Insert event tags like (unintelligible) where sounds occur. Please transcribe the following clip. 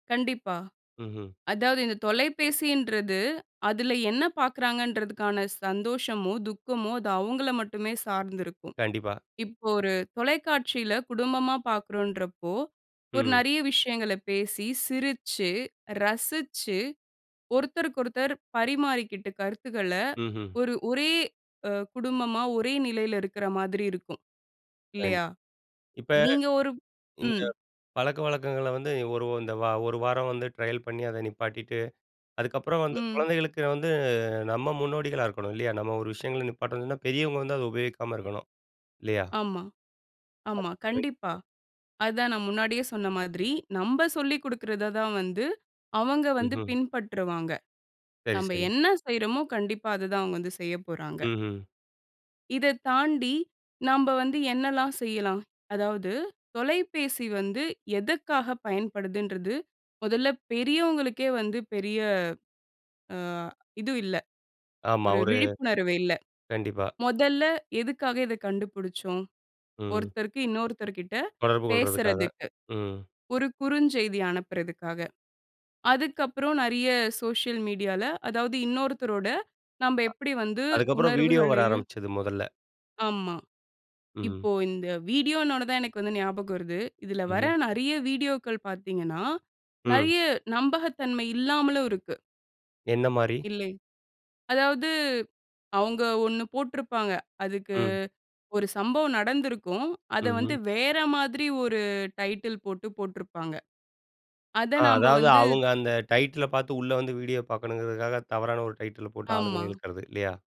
கண்டிப்பா. ம்ஹும். அதாவது இந்த தொலைபேசின்றது, அதில என்ன பாக்குறாங்கன்றதுக்கான சந்தோஷமோ, துக்கமோ அது அவுங்கள மட்டுமே சார்ந்திருக்கும். கண்டிப்பா. இப்போ ஒரு தொலைக்காட்சியில குடும்பமா பாக்கறோன்றப்போ, ஒரு ம். நெறைய விஷயங்கள பேசி, சிரிச்சு, ரசிச்சு, ஒருத்தருக்கொருத்தர் பரிமாறிக்கிட்டு கருத்துக்கள, ம்ஹும். ஒரு ஒரே ஆ குடும்பமா, ஒரே நிலையில இருக்கிற மாதிரி இருக்கும். இல்லையா? கண்டிப், இப்ப நீங்க ஒரு இந்த ம். பழக்கவழக்கங்களை வந்து, ஒரு இந்த ஓ ஒரு வாரம் வந்து ட்ரையல் பண்ணி அதை நிப்பாட்டிட்டு. அதுக்கப்புறம் வந்து ம். குழந்தைகளுக்கு வந்து நம்ம முன்னோடிகளா இருக்கணும் இல்லையா? நம்ம ஒரு விஷயங்களை நிப்பாட்டணும்ன்னா, பெரியவங்க வந்து அதை உபயோகிக்காம இருக்கணும். இல்லையா? ஆமா ஆமா, கண்டிப்பா. (unintelligible) அதுதான் நான் முன்னாடியே சொன்ன மாதிரி, நம்ப சொல்லிக் குடுக்கிறத தான் வந்து அவங்க வந்து ம்ஹும். பின்பற்றுவாங்க. சரி நம்ப சரிங். என்ன செய்றோமோ கண்டிப்பா, அத தான் அவுங்க வந்து செய்யப்போறாங்க. ம்ஹும். இதைத் தாண்டி, நாம்ப வந்து என்னெல்லாம் செய்யலாம். அதாவது தொலைபேசி வந்து எதுக்காக பயன்படுதுன்றது மொதல்ல பெரியவங்களுக்கே வந்து பெரிய ஆ இது இல்ல, ஆமா, ஒரு ஒரு விழிப்புணர்வு இல்லை. கண்டிப்பா. மொதல்ல எதுக்காக இதை கண்டுபிடிச்சோம். ம். ஒருத்தருக்கு இன்னொருத்தர் கிட்ட தொடர்பு கொள்றதுக்காக. பேசுறதுக்கு. ம். ஒரு குறுஞ்செய்தி அனுப்புறதற்காக. அதுக்கப்புறம் நெறைய சோசியல் மீடியா ல, அதாவது இன்னொருத்தரோட நாம்ப அ. எப்படி வந்து அதுக்கப்புறம் வீடியோ வர உணர்வுகளையும் ஆரம்பிச்சது மொதல்ல. ஆமா. இப்போ ம். இந்த வீடியோன்னோன தான் எனக்கு வந்து ஞாபகம் வருது. இதில வர ம்ஹும். நெறைய வீடியோக்கள் பாத்தீங்கன்னா, ம். நெறைய நம்பகத்தன்மை இல்லாமலும் இருக்கு. என்ன மாரி? இல்லை. அதாவது அவுங்க ஒண்ணு போட்டுருப்பாங்க. அதுக்கு ம். ஒரு சம்பவம் நடந்திருக்கும். அத வந்து ம்ஹும். வேற மாதிரி ஒரு டைட்டில் போட்டு போட்டுருப்பாங்க. அத ,ஆ நாம்ப அதாவது வந்து அவங்க அந்த டைட்டில பாத்து உள்ள வந்து வீடியோ பார்க்கணுங்கிறதுக்காக, தவறான ஒரு டைட்டில போட்டு ஆளுங்கள ஆமா. இழுக்கிறது, இல்லையா?